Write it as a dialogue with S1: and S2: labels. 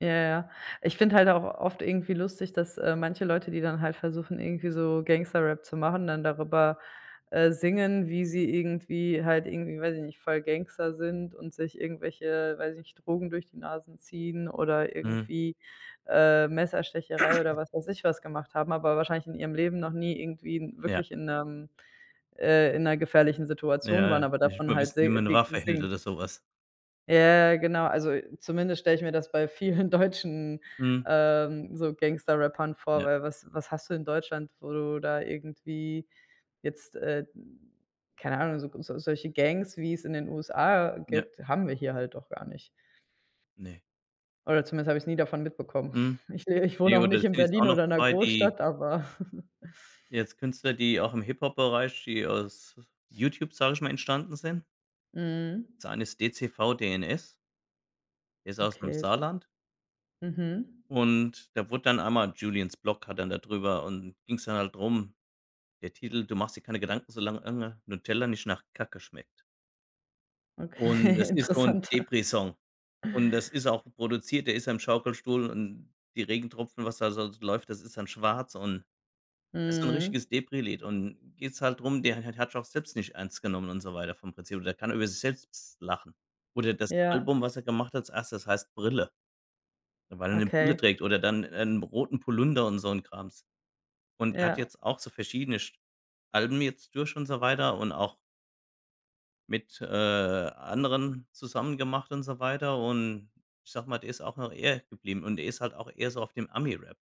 S1: Ja, ja. Ich finde halt auch oft irgendwie lustig, dass, äh, manche Leute, die dann halt versuchen, irgendwie so Gangster-Rap zu machen, dann darüber, äh, singen, wie sie irgendwie halt irgendwie, weiß ich nicht, voll Gangster sind und sich irgendwelche, weiß ich nicht, Drogen durch die Nasen ziehen oder
S2: Mhm.
S1: irgendwie, äh, Messerstecherei oder was weiß ich was gemacht haben, aber wahrscheinlich in ihrem Leben noch nie irgendwie
S2: Ja.
S1: wirklich in 'nem äh, in 'ner gefährlichen Situation
S2: Ja,
S1: waren,
S2: ja,
S1: aber
S2: nicht
S1: davon
S2: mal
S1: halt
S2: wissen, wie
S1: se
S2: man 'ne
S1: die
S2: Waffe hält
S1: singen.
S2: oder so was.
S1: Ja, ja genau. Also, zumindest stelle ich mir das bei vielen deutschen,
S2: Mhm.
S1: ähm, so Gangster-Rappern vor,
S2: Ja.
S1: weil was was hast du in Deutschland, wo du da irgendwie jetzt, äh, mhm keine Ahnung, so so solche Gangs, wie's in den USA
S2: Ja.
S1: gibt, haben wir hier halt auch gar nicht.
S2: Ne.
S1: Oder zumindest habe ich's nie davon mitbekommen.
S2: Mhm.
S1: Ich äh, ich wohne
S2: Ne,
S1: auch
S2: oder da
S1: nicht in
S2: sind jetzt auch
S1: Berlin
S2: noch
S1: oder in 'ner
S2: 2, die
S1: Großstadt, aber
S2: jetzt Künstler, die auch im Hip-Hop-Bereich die aus YouTube, sage ich mal, entstanden sind.
S1: Mhm.
S2: Das eine ist DCVDNS. Der ist aus’m
S1: Okay.
S2: Saarland
S1: Mhm.
S2: und da wurde dann einmal JuliensBlog hat dann da drüber und ging's dann halt drum, der Titel: „Du machst dir keine Gedanken, solang ange Nutella nicht nach Kacke schmeckt“ und
S1: Okay,
S2: das ist so 'n
S1: interessant.
S2: Depri-Song und das ist auch produziert der ist im Schaukelstuhl und die Regentropfen, was da s so läuft, das ist dann schwarz und das ist so 'n
S1: Mhm.
S2: richtiges Depri-Lied. Und geht's halt drum, der hat hat hat sich auch selbst nicht ernst genommen und so weiter vom Prinzip. Aber der kann über sich selbst s lachen. Oder das
S1: Ja.
S2: Album, was er gemacht hat als 1., heißt „Brille“ weil er 'ne Brille
S1: Okay.
S2: trägt oder dann 'n roten Pullunder und so 'n Krams. Und er hat
S1: Ja.
S2: jetzt auch so verschiedene sch Alben jetzt durch und so weiter und auch mit, äh, anderen zusammen gemacht und so weiter. Und ich sage mal, der ist auch noch er geblieben und er ist halt auch eher so auf dem Ami-Rap.